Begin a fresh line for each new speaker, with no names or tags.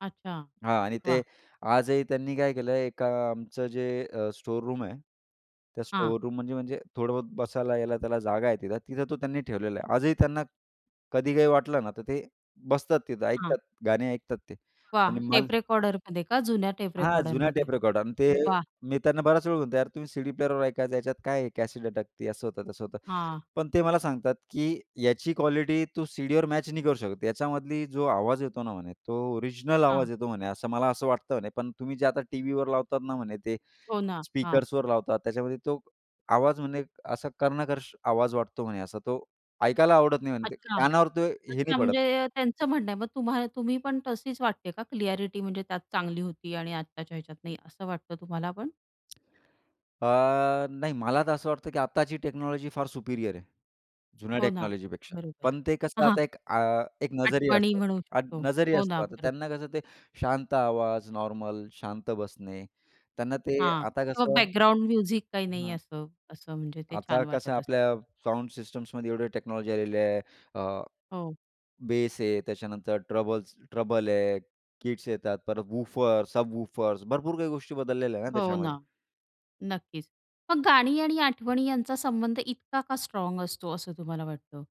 अच्छा.
हां. आणि ते
वाह!
आजही त्यांनी काय केलं एका आमचं जे अ, स्टोअर रूम आहे, त्या
हां.
स्टोअर रूम म्हणजे म्हणजे थोडं बसायला यायला त्याला जागा आहे तिथं, तिथं तो त्यांनी ठेवलेला आहे. आजही त्यांना कधी काही वाटलं ना, तर ते बसतात तिथं.
हां.
ऐकतात गाणे ऐकतात ते. आणि
वाह!
मल
टेप रेकॉर्डरमध्ये का? जुन्या टेप
हां. जुन्या
रेकॉर्डरमध्ये?
टेप रेकॉर्ड आणि ते
वाह!
मी त्यांना बराच वेळा म्हणतो, "यार तुम्ही सीडी प्लेअरवर ऐका. याच्यात काय आहे, कॅसेट अटकती असं होतं तसं होतं."
हां.
पण ते मला सांगतात, की "याची क्वालिटी तू सीडीवर मॅच नाही करू शकत. याच्यामधला जो आवाज येतो ना," म्हणे तो "ओरिजिनल
हां.
आवाज येतो." म्हणे, "असं मला असं वाटतं" म्हणे. "पण तुम्ही जे आता टीव्हीवर लावतात ना." म्हणे "ते
हो ना. हां.
स्पीकर्सवर लावतात. त्याच्यामध्ये तो आवाज म्हणे असा कर्णकर्ष आवाज वाटतो." म्हणे, "असा तो ऐकायला आवडत नाही." म्हणे "ते
अच्छा.
कानावर तो हे नाही
अच्छा.
पडत."
म्हणजे त्यांचं म्हणणं आहे. मग तुम्हा तुम्ही पण तशीच वाटते का क्लिअ‍ॅरिटी म्हणजे त्यात चांगली होती आणि आताच्या ह्याच्यात नाही असं वाटतं तुम्हाला पण?
अ, नाही, मला तर असं वाटतं, की आताची टेक्नॉलॉजी फार सुपीरियर आहे, जुन्या
हो ना.
टेक्नॉलॉजीपेक्षा,
बरोबर.
पण ते कसं
हां.
आता एक अ, एक नजरीया
आठवणी
असतं,
म्हणू
अ,
शकतो.
नजरिया
हो
असतं.
ना.
आता
बरोब
त्यांना कसं ते शांत आवाज, नॉर्मल शांत बसणे, त्यांना ते
हां.
आता
किंवा
कसं
बॅकग्राऊंड म्युझिक काही नाही
हं.
असं, असं म्हणजे ते
आता
छान
कसं
वाटतं असं.
आपल्या साउंड सिस्टम्समध्ये एवढे टेक्नॉलॉजी आलेली आहे. अ,
हो.
बेस आहे. त्याच्यानंतर ट्रबल्स ट्रबल आहे, किट्स येतात. परत वूफर्स, सब वूफर्स भरपूर काही गोष्टी बदललेल्या आहेत ना,
हो ना.
त्याच्यामध्ये.
नक्कीच. मग गाणी आणि आठवणी यांचा संबंध इतका का स्ट्राँग असतो असं तुम्हाला वाटतं?